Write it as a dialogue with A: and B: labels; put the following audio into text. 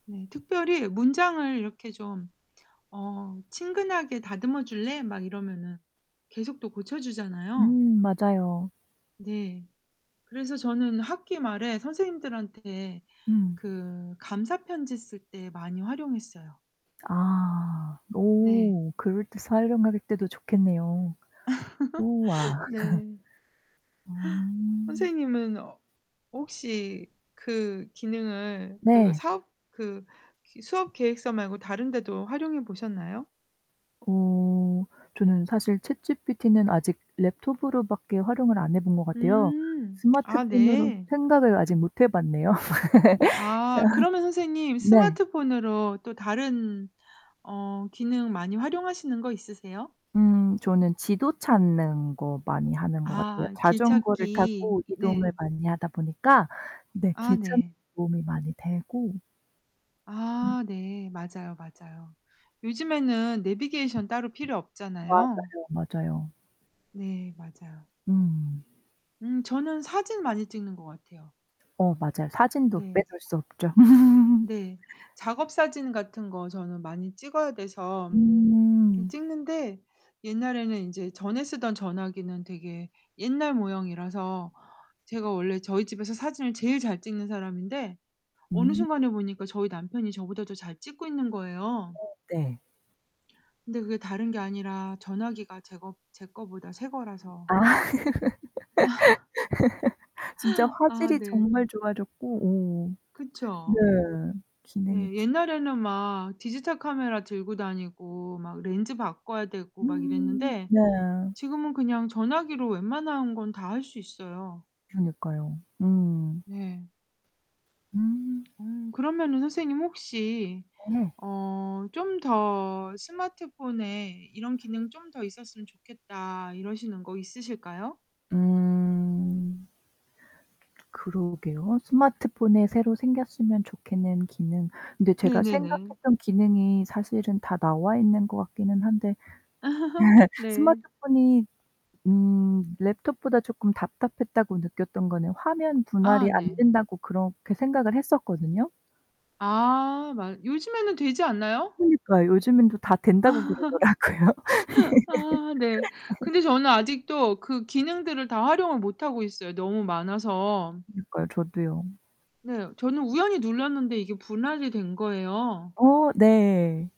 A: 네, 특별히 문장을 이렇게 좀 어 "친근하게 다듬어 줄래?" 막 이러면은 계속 또 고쳐 주잖아요.
B: 음, 맞아요.
A: 네. 그래서 저는 학기 말에 선생님들한테
B: 음.
A: 그 감사 편지 쓸 때 많이 활용했어요.
B: 아,
A: 네.
B: 오. 그럴 때 [unintelligible] 때도 좋겠네요. 우와.
A: 네.
B: 어.
A: 선생님은 어 혹시 그 기능을 그
B: 네.
A: 사업 그 그 수업계획서 말고 다른 데도 활용해 보셨나요?
B: 어. 저는 사실 ChatGPT는 아직 Laptop으로 밖에 활용을 안 해 본 것 같아요.
A: 음 아
B: 스마트폰으로
A: 네.
B: 생각을 아직 못 해 봤네요.
A: 아
B: 아
A: 그러면 선생님
B: 네.
A: 스마트폰으로 또 다른 어 기능 많이 활용하시는 거 있으세요?
B: 음 저는 지도 찾는 거 많이 하는 것 같아요.
A: 아
B: 자전거를
A: 길찾기.
B: 타고 이동을
A: 네.
B: 많이 하다 보니까. 네
A: 아
B: 길 찾는
A: 네.
B: 도움이 많이 되고 음.
A: 아 네. 맞아요, 맞아요. 요즘에는 네비게이션 따로 필요
B: 맞아요,
A: 없잖아요.
B: 맞아요.
A: 네, 맞아요.
B: 음.
A: 음 저는 사진 많이 찍는 것 같아요.
B: 어, 맞아요. 사진도
A: 네.
B: 빼놓을 수 없죠.
A: 네. 작업 사진 같은 거 저는 많이 찍어야 돼서 좀
B: 음.
A: 찍는데 옛날에는 인제 전에 쓰던 전화기는 되게 옛날 모형이라서 제가 원래 저희 집에서 사진을 제일 잘 찍는 사람인데 어느
B: 음.
A: 순간에 보니까 저희 남편이 저보다 더 잘 찍고 있는 거예요.
B: 어 네.
A: 근데 그게 다른 게 아니라 전화기가 제 거 제 거보다 새 거라서.
B: 아
A: 아
B: 진짜
A: 아
B: 화질이
A: 네.
B: 정말 좋아졌고, 오 네.
A: 그쵸.
B: 기능이
A: 네.
B: 진
A: 옛날에는 막 디지털 카메라 들고 다니고 막 렌즈 바꿔야 되고 막
B: 음
A: 이랬는데
B: 네.
A: 지금은 그냥 전화기로 웬만한 건 다 할 수 있어요.
B: 그러니까요. 음.
A: 네.
B: 음.
A: 음 그러면은 선생님 혹시
B: 네.
A: 어 좀 더 스마트폰에 "이런 기능 좀 더 있었으면 좋겠다" 이러시는 거 있으실까요?
B: 음. 그러게요. 스마트폰에 새로 생겼으면 좋겠는 기능. 근데 제가
A: 네네네.
B: 생각했던 기능이 사실은 다 나와 있는 것 같기는 한데.
A: 아 네.
B: 스마트폰이 음 Laptop보다 쪼금 답답했다고 느꼈던 거는 화면 분할이
A: 아
B: 안
A: 네.
B: 된다고 그렇게 생각을 했었거든요?
A: 아 맞 요즘에는 되지 않나요?
B: 그니까요. 요즘 다 된다고
A: 아
B: 그러더라구요.
A: 아 네. 근데 저는 아직도 그 기능들을 다 활용을 못 하고 있어요, 너무 많아서.
B: 그니까요. 저도요.
A: 네. 저는 우연히 눌렀는데 이게 분할이 된 거예요.
B: 어 네.